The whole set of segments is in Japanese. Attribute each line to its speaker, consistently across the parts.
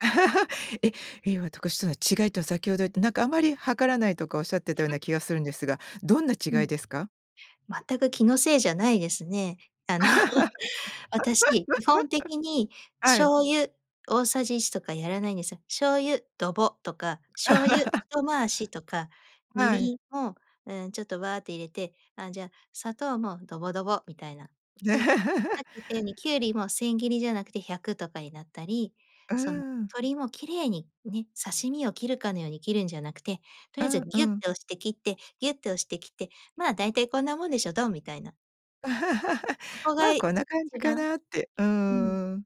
Speaker 1: え。違いとは、先ほど言って、なんか、あまり量らないとかおっしゃってたよう
Speaker 2: は
Speaker 1: な
Speaker 2: い。
Speaker 1: 気がするんですが、どんな
Speaker 2: う
Speaker 1: 違
Speaker 2: ん。
Speaker 1: いですか？
Speaker 2: 全く気のせいじゃないですね。あの、私、基本的に
Speaker 1: はい。
Speaker 2: 醤油大さじ1とかやらないんですよ。醤油、ドボ、とか、醤油、一 回しとか、み
Speaker 1: は
Speaker 2: り
Speaker 1: い。
Speaker 2: んも、うーん、ちょっと、ワーって入れて、あ、じゃ、砂糖も、ドボドボ、みたいな。
Speaker 1: ね。
Speaker 2: で、さ っき言ったように、きゅうりも千切りじゃなくて百とかになったり、
Speaker 1: うー
Speaker 2: その、
Speaker 1: ん。
Speaker 2: 鶏も綺麗にね、刺身を切るかのように切るんじゃなくて、とり
Speaker 1: う
Speaker 2: あえず
Speaker 1: ん
Speaker 2: ギュッ
Speaker 1: うん。
Speaker 2: と押して切って、ギュッと押して切って、まあ、だいたいこんなもんでしょ、どん、みたいな。そこが
Speaker 1: ま、
Speaker 2: 一
Speaker 1: こんな感じか
Speaker 2: 番
Speaker 1: なって。う
Speaker 2: うん。
Speaker 1: ーん。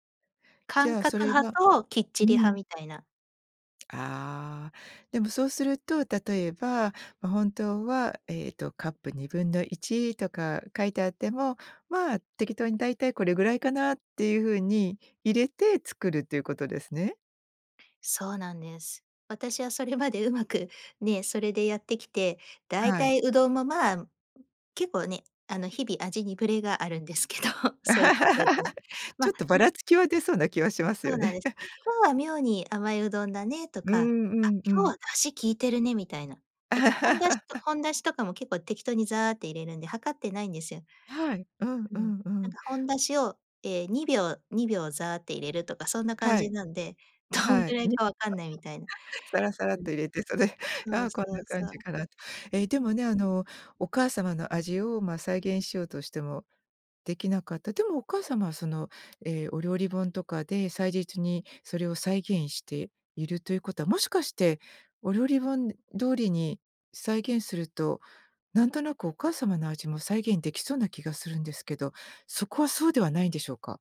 Speaker 1: じ
Speaker 2: 感
Speaker 1: ゃあ、そ
Speaker 2: 覚
Speaker 1: れ
Speaker 2: 派
Speaker 1: は
Speaker 2: ときっち
Speaker 1: う
Speaker 2: り派
Speaker 1: ん。
Speaker 2: みたいな。
Speaker 1: ああ、でもそうすると例えば、ま、本当は、ええと、カップ1/2とか書いてあっても、まあ、適当に、だいたいこれぐらいかなっていうふうに入れて作るっていうことですね。
Speaker 2: そうなんです。私はそれまでうまく、ね、それでやってきて、だい
Speaker 1: は
Speaker 2: た
Speaker 1: い。
Speaker 2: い、うどんも、ま、結構ね、あの、日々味にブレがあるんですけど、そういうことやってるんで。
Speaker 1: ちょ
Speaker 2: ま、
Speaker 1: っとば
Speaker 2: うん
Speaker 1: ら
Speaker 2: で
Speaker 1: つきは出そうな気はします
Speaker 2: そ
Speaker 1: よ
Speaker 2: うなん
Speaker 1: ね。
Speaker 2: です。今 日は妙に甘いうどんだね、と
Speaker 1: うーん、
Speaker 2: か、あ、
Speaker 1: うんう
Speaker 2: 今日
Speaker 1: ん。
Speaker 2: は出汁効いてるね、みたいな。だから本だしと 本だしとかも結構適当にザーって入れるんで、量ってないんですよ。
Speaker 1: はい、うん
Speaker 2: うん、
Speaker 1: うんう
Speaker 2: なん
Speaker 1: ん。
Speaker 2: か、本だしを、え、2秒-2秒ザーって入れるとか、そんな感
Speaker 1: は
Speaker 2: じ
Speaker 1: い。
Speaker 2: なんで、どん
Speaker 1: は
Speaker 2: ぐ
Speaker 1: い。
Speaker 2: らい
Speaker 1: に
Speaker 2: か分かんないみたいな。
Speaker 1: さらさらっ
Speaker 2: うん。
Speaker 1: と入れて、それ、
Speaker 2: そう
Speaker 1: あ、こん
Speaker 2: そ
Speaker 1: な
Speaker 2: う
Speaker 1: 感
Speaker 2: そう。
Speaker 1: じかなと。え、で
Speaker 2: うん。
Speaker 1: もね、あの、お母様の味を、ま、再現しようとしてもできなかった。でもお母様はその、え、お料理本とかで祭日にそれを再現しているということは、もしかしてお料理本通りに再現すると、なんとなくお母様の味も再現できそうな気がするんですけど、そこはそうではないんでしょうか。